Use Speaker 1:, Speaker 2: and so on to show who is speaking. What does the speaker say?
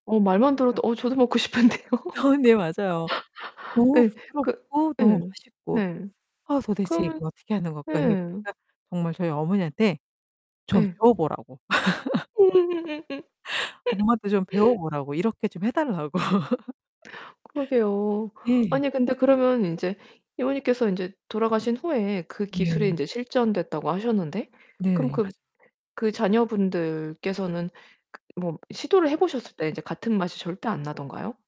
Speaker 1: 어 말만 들어도 어 저도 먹고 싶은데요.
Speaker 2: 어 네, 맞아요. 너무
Speaker 1: 예. 그
Speaker 2: 부드럽고 너무
Speaker 1: 예.
Speaker 2: 맛있고.
Speaker 1: 네.
Speaker 2: 아 도대체
Speaker 1: 그러면
Speaker 2: 이걸 어떻게 하는 걸까?
Speaker 1: 예.
Speaker 2: [unintelligible] 정말 저희 어머니한테 좀
Speaker 1: 예.
Speaker 2: 배워 보라고.
Speaker 1: 음음음음음.
Speaker 2: 엄마도 좀 배워 보라고 이렇게 좀 해달라고.
Speaker 1: 그러게요.
Speaker 2: 예.
Speaker 1: 아니 근데 그러면 인제 이모님께서 이제 돌아가신 후에 그 기술이
Speaker 2: 네.
Speaker 1: 인제 실전됐다고 하셨는데 그럼
Speaker 2: 네. 맞습
Speaker 1: 그 자녀분들께서는 그 뭐 시도를 해 보셨을 때 이제 같은 맛이 절대 안 나던가요?